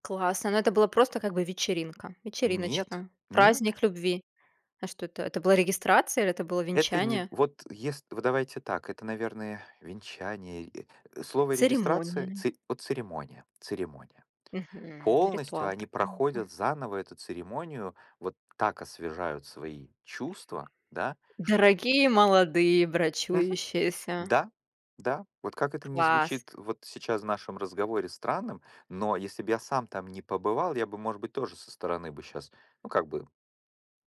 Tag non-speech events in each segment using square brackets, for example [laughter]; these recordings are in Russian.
Классно, но это было просто, как бы, вечеринка, Нет. вечериночка, Нет. праздник любви. А что это, это была регистрация или это было Это не венчание? вот, ес вот давайте так. Это, наверное, венчание, или э, слово "регистрация", Церемония. цы вот, "церемония", "церемония". Мгм. Полностью Ритуал они такой. Ну да. проходят заново эту церемонию. Вот так освежают свои чувства, да, что Дорогие молодые Мгм. брачующиеся. Да, да. Вот как это ни Класс. звучит вот сейчас в нашем разговоре странным, но если б я сам там не побывал, я бы, может быть, тоже со стороны бы щас ну, как бы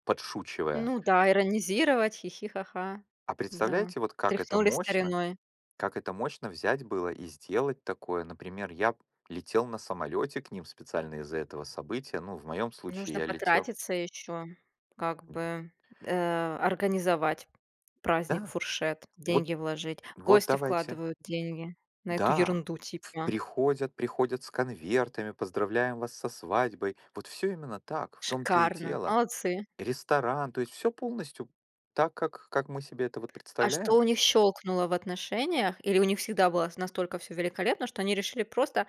подшучивая. Ну да, иронизировать. "Хи-хи", "ха-ха". А Да, представляете, вот как это тряхнули мощно стариной. как это мощно взять было и сделать такое? Например, я б летел на самолете к ним специально из-за этого события, ну, в моём случае Нужно я летел потратиться ещё. Как бы, э, организовать праздник, Да. фуршет, Вот деньги вложить. вот Гости давайте. вкладывают деньги на эту Да. ерунду, типа. Приходят, приходят с конвертами: "Поздравляем вас со свадьбой!" Вот всё именно так, в том-то и Шикарно. дело. Молодцы. Ресторан, то есть всё полностью так, как как мы себе это вот А что представляем. у них щелкнуло в отношениях или у них всегда было с настолько всё великолепно, что они решили просто,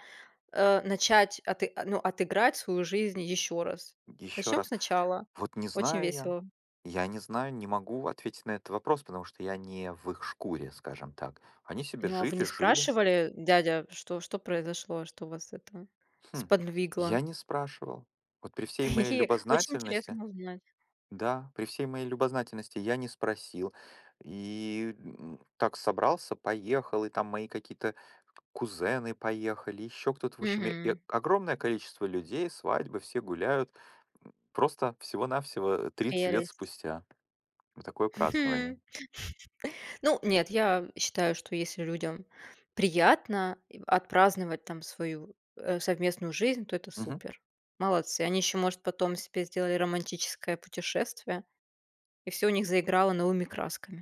э, начать аты э, ну, отыграть свою жизнь еще раз? Еще Начнем раз. сначала. Вот не Очень знаю я. весело. Я не знаю, не могу ответить на этот вопрос, потому что я не в их шкуре, скажем так. Они себе Ну, а вы жили не жили. спрашивали, э: "Дядя, что что произошло, что вас это Хм. сподвигло?" Я не спрашивал. Вот при всей моей Хи-хи. Очень любознательности интересно узнать. Да, при всей моей любознательности, я не спросил. И, м, так собрался, поехал. И, там, мои какие-то кузены поехали, еще кто-то. В общем, и э, Мгм. огромное количество людей, свадьбы, все гуляют. М, просто всего-навсего, э, 30 лет Прелесть. спустя. Вот такое Х хм. [chuckles] празднование. Ну, нет, я считаю, что если людям приятно, и отпраздновать, там, свою, э, совместную жизнь, то- это Мгм. супер. Молодцы. Они еще, может, потом себе сделали романтическое путешествие, и всё у них заиграло новыми красками.